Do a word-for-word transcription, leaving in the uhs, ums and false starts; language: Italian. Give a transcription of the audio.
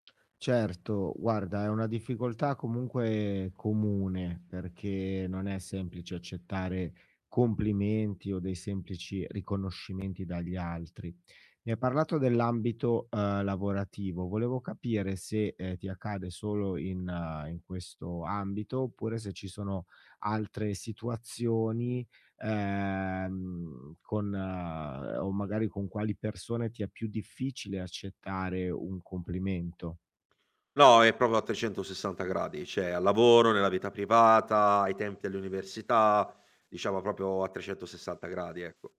Certo. Guarda, è una difficoltà comunque comune, perché, non è semplice accettare complimenti, o dei semplici riconoscimenti dagli altri. Mi hai parlato dell'ambito, uhm, lavorativo, volevo capire se, ehm, ti accade solo in ehm, in questo ambito, oppure se ci sono altre situazioni, ehm, con uhm, o magari con quali persone ti è più difficile accettare un complimento? No, è propo a trecentosessanta gradi, ceh al lavoro, nella vita privata, ai templi all'università, diciamo propio a trecentossessanta gradi, ecco.